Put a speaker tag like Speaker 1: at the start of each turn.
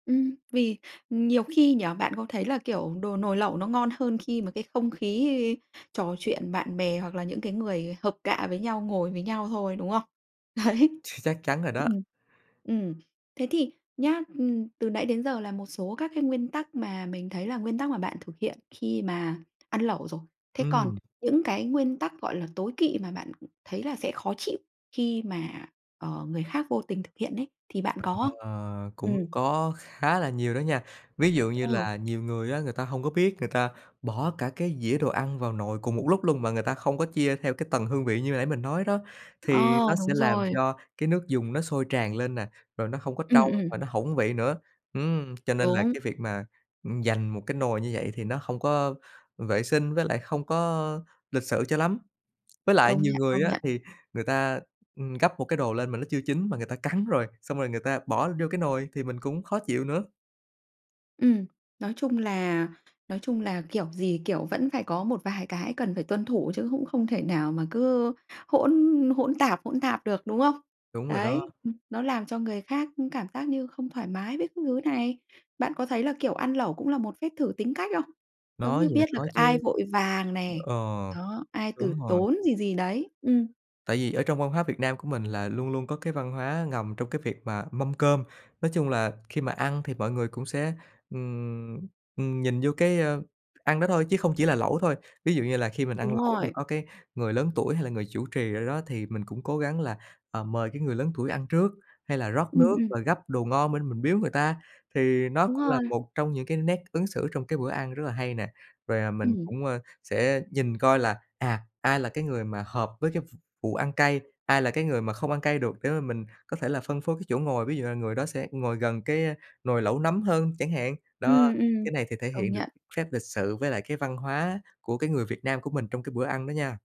Speaker 1: Ừm. Vì nhiều khi nhỉ, bạn có thấy là, kiểu, đồ nồi lẩu nó ngon hơn khi mà cái không khí trò chuyện bạn bè hoặc là những cái người hợp cạ với nhau ngồi với nhau thôi, đúng không? Đấy.
Speaker 2: Ch chắc chắn rồi đó.
Speaker 1: Ừm, ừm. Thế thì nhá, ừm, từ nãy đến giờ là một số các cái nguyên tắc mà mình thấy là nguyên tắc mà bạn thực hiện khi mà ăn lẩu rồi. Thế còn
Speaker 2: Ừm.
Speaker 1: những cái nguyên tắc, gọi là, tối kỵ mà bạn thấy là sẽ khó chịu khi mà, ờ, người khác vô tình thực hiện ấy. Thì bạn có không?
Speaker 2: Ờ, cũng
Speaker 1: Ừm.
Speaker 2: có khá là nhiều đó nha. Ví dụ như
Speaker 1: Ừ.
Speaker 2: là, nhiều người á người ta hông có biết, người ta bỏ cả cái dĩa đồ ăn vào nồi cùng một lúc luôn mà người ta không có chia theo cái tầng hương vị như nãy mình nói đó, thì
Speaker 1: Ờ,
Speaker 2: nó sẽ
Speaker 1: đúng
Speaker 2: làm
Speaker 1: rồi.
Speaker 2: cho cái nước dùng nó sôi tràn lên nè, rồi nó không có
Speaker 1: Ừm,
Speaker 2: trong
Speaker 1: ừm.
Speaker 2: và nó hỏng vị nữa. Ừm, cho nên là
Speaker 1: Đúng.
Speaker 2: cái việc mà, ừm, dành một cái nồi như vậy thì nó không có vệ sinh, với lại không có lịch sự cho lắm. Với lại
Speaker 1: Công
Speaker 2: nhiều
Speaker 1: nhận,
Speaker 2: người
Speaker 1: công
Speaker 2: á
Speaker 1: nhận.
Speaker 2: thì người ta, ừm, gắp một cái đồ lên mà nó chưa chín mà người ta cắn rồi, xong rồi người ta bỏ vô cái nồi thì mình cũng khó chịu nữa.
Speaker 1: Ừm. Nói chung là nói chung là kiểu gì kiểu vẫn phải có một vài cái cần phải tuân thủ, chứ cũng không thể nào mà cứ hỗn hỗn tạp hỗn tạp được, đúng không?
Speaker 2: Đúng rồi đó.
Speaker 1: Đấy, ừm, nó làm cho người khác cảm giác như không thoải mái với các thứ này. Bạn có thấy là, kiểu, ăn lẩu cũng là một phép thử tính cách không? Giống
Speaker 2: Nói
Speaker 1: như
Speaker 2: gì thì
Speaker 1: biết được
Speaker 2: nói
Speaker 1: ai
Speaker 2: chứ.
Speaker 1: vội vàng này,
Speaker 2: Ờ,
Speaker 1: đó, ai từ
Speaker 2: đúng rồi.
Speaker 1: tốn gì gì đấy. Ừm.
Speaker 2: Tại vì ở trong văn hóa Việt Nam của mình là luôn luôn có cái văn hóa ngầm trong cái việc mà mâm cơm. Nói chung là khi mà ăn thì mọi người cũng sẽ, ừm, ừm, nhìn vô cái, ơ, ăn đó thôi chứ không chỉ là lẩu thôi. Ví dụ như là khi mình ăn
Speaker 1: Đúng
Speaker 2: lẩu mà
Speaker 1: rồi.
Speaker 2: có cái người lớn tuổi hay là người chủ trì ở đó, thì mình cũng cố gắng là, ờ, mời cái người lớn tuổi ăn trước, hay là rót
Speaker 1: Ừm,
Speaker 2: nước
Speaker 1: ừm.
Speaker 2: và gắp đồ ngon bên mình biếu người ta, thì nó
Speaker 1: Đúng
Speaker 2: cũng là
Speaker 1: rồi.
Speaker 2: một trong những cái nét ứng xử trong cái bữa ăn rất là hay nè. Rồi, à, mình
Speaker 1: Ừm.
Speaker 2: cũng, ơ, sẽ nhìn coi là, à, ai là cái người mà hợp với cái v vụ ăn cay, ai là cái người mà không ăn cay được để mà mình có thể là phân phối cái chỗ ngồi, ví dụ là người đó sẽ ngồi gần cái, ơ, nồi lẩu nấm hơn chẳng hạn. Đó,
Speaker 1: Ừm, ừm,
Speaker 2: cái này thì thể
Speaker 1: công
Speaker 2: hiện được
Speaker 1: nhận.
Speaker 2: phép lịch sự với lại cái văn hóa của cái người Việt Nam của mình trong cái bữa ăn đó nha.